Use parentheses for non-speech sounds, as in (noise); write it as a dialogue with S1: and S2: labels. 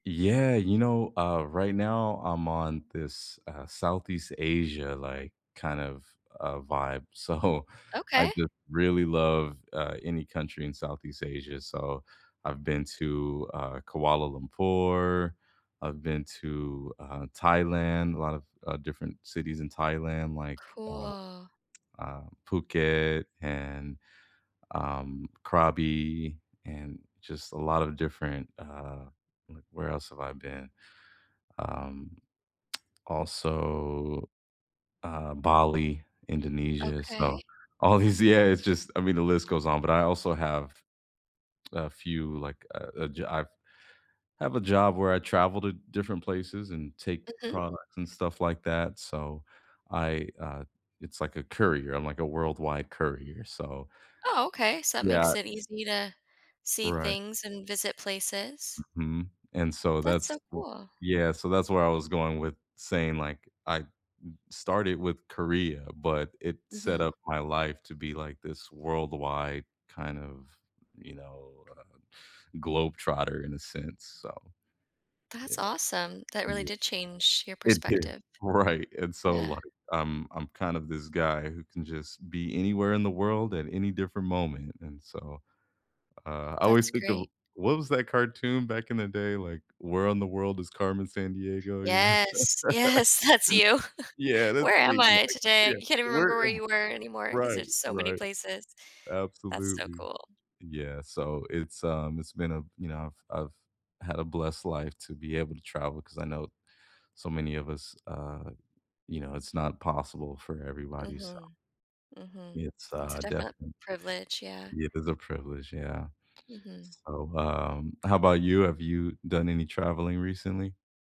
S1: Yeah. You know, uh, right now, I'm on this, uh, Southeast Asia, like, kind of, uh, vibe. So, I
S2: Okay.
S1: just really love, uh, any country in Southeast Asia. So, I've been to, uh, Kuala Lumpur. I've been to, uh, Thailand, a lot of, uh, different cities in Thailand like, uh,
S2: Cool.
S1: (tsk) uh, Phuket and, um, Krabi and just a lot of different, uh like, where else have I been? Um also, um, Bali, Indonesia.
S2: Okay.
S1: So, all these yeah, it's just I mean, the list goes on. But I also have a few, like, uh, a jo I've I have a job where I travel to different places and take
S2: Mhm.
S1: products and stuff like that. So, I, uh it's like a courier. I'm like a worldwide courier. So
S2: Oh, okay. So, that
S1: Yeah.
S2: makes it easy to see
S1: Right.
S2: things and visit places.
S1: Mhm, and so
S2: That's
S1: that's
S2: so cool.
S1: Yeah, so that's where I was going with saying, like, I started with Korea, but it set
S2: Mhm.
S1: up my life to be like this worldwide kind of, you know, uh, globetrotter in a sense. So,
S2: That's
S1: yeah.
S2: awesome. That really
S1: Ye
S2: did change your
S1: It did.
S2: perspective.
S1: Right. And so,
S2: Yeah.
S1: like, I'm I'm kind of this guy who can just be anywhere in the world at any different moment and so, uh, I always
S2: That's
S1: think
S2: great.
S1: of what was that cartoon back in the day? Like, Where in the World is Carmen Sandiego? You know?
S2: Yes, yes. That's you.
S1: (laughs)
S2: (chuckles)
S1: Yeah. That's
S2: Where
S1: me,
S2: am I
S1: like,
S2: today?
S1: yeah,
S2: You can't even
S1: where
S2: remember where
S1: am I?
S2: you were anymore, 'cause
S1: Right,
S2: it's so many
S1: right.
S2: places. That's so
S1: Absolutely.
S2: cool.
S1: Yeah. So, it's, um, it's been a you know, I've I've had a blessed life to be able to travel 'cause I know so many of us uh, you know, it's not possible for everybody, so
S2: Mhm. Mhm.
S1: it's,
S2: It's a
S1: uh,
S2: definite
S1: definite
S2: privilege, yeah.
S1: It is a privilege, yeah.
S2: Mhm.
S1: So, um, how 'bout you? Have you done any traveling recently?